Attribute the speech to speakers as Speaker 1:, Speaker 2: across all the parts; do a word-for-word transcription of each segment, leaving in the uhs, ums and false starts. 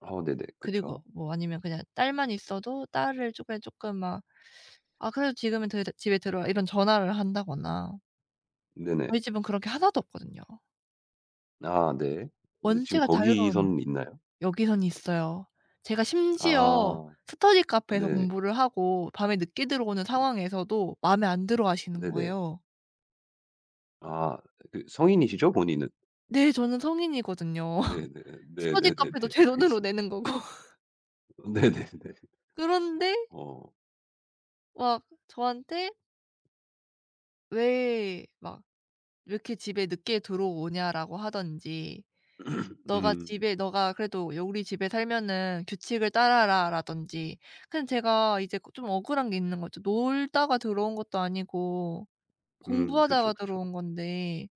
Speaker 1: 어 네네.
Speaker 2: 그리고
Speaker 1: 그쵸.
Speaker 2: 뭐 아니면 그냥 딸만 있어도 딸을 조께 쪼끔 막 아 그래도 지금은 더 이제 "집에 들어와." 이런 전화를 한다거나
Speaker 1: 네네.
Speaker 2: 저희 집은 그런 게 하나도 없거든요.
Speaker 1: 아 네. 근데 지금
Speaker 2: 원체가 자유로운
Speaker 1: 거기서는 있나요?
Speaker 2: 여기선 있어요. 제가 심지어
Speaker 1: 아.
Speaker 2: 스터디 카페에서
Speaker 1: 네.
Speaker 2: 공부를 하고 밤에 늦게 들어오는
Speaker 1: 음
Speaker 2: 상황에서도 마음에 안 들어하시는
Speaker 1: 네네.
Speaker 2: 거예요.
Speaker 1: 아 그 성인이시죠, 본인은?
Speaker 2: 네 저는 성인이거든요.
Speaker 1: 네네
Speaker 2: 스터디
Speaker 1: 네네네네.
Speaker 2: 카페도 제 돈으로
Speaker 1: 알겠습니다.
Speaker 2: 내는 거고.
Speaker 1: 네네네.
Speaker 2: 그런데
Speaker 1: 어.
Speaker 2: 막 저한테 왜 막 "왜 이렇게 집에 늦게 들어오냐?"라고 하든지 "너가
Speaker 1: 음.
Speaker 2: 집에 너가 그래도 여 우리 집에 살면은 규칙을 따라라."라든지. 그냥 제가 이제 그 좀 억울한 게 있는 거죠. 놀다가 들어온 것도 아니고
Speaker 1: 음 그쵸,
Speaker 2: 공부하다가
Speaker 1: 그쵸.
Speaker 2: 들어온 건데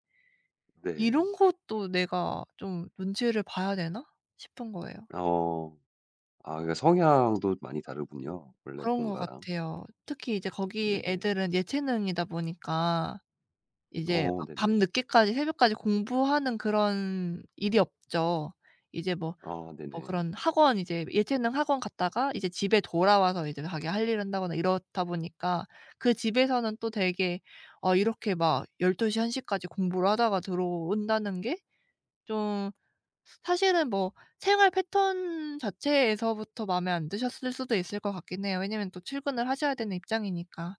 Speaker 2: '이런
Speaker 1: 네.
Speaker 2: 것도 내가 좀 눈치를 봐야 되나?' 싶은 거예요.
Speaker 1: 어. 아 그러니까 성향도 많이 다르군요, 원래
Speaker 2: 그런 것
Speaker 1: 본가랑.
Speaker 2: 같아요. 특히 이제 거기
Speaker 1: 네네.
Speaker 2: 애들은 예체능이다 보니까 이제
Speaker 1: 어
Speaker 2: 막
Speaker 1: 네네.
Speaker 2: 밤늦게까지 새벽까지 공부하는 그런 일이 없죠. 이제 뭐
Speaker 1: 아
Speaker 2: 뭐
Speaker 1: 네네.
Speaker 2: 그런 학원 이제 예체능 학원 갔다가 이제 집에 돌아와서 이제 자기 할 일을 한다거나 이렇다 보니까 그 집에서는 또 되게 어 이렇게 막 열두 시 한 시까지 공부를 하다가 들어온다는 게 좀 사실은 뭐 생활 패턴 자체에서부터 마음에 안 드셨을 수도 있을 것 같긴 해요, 왜냐하면 또 출근을 하셔야 되는 입장이니까.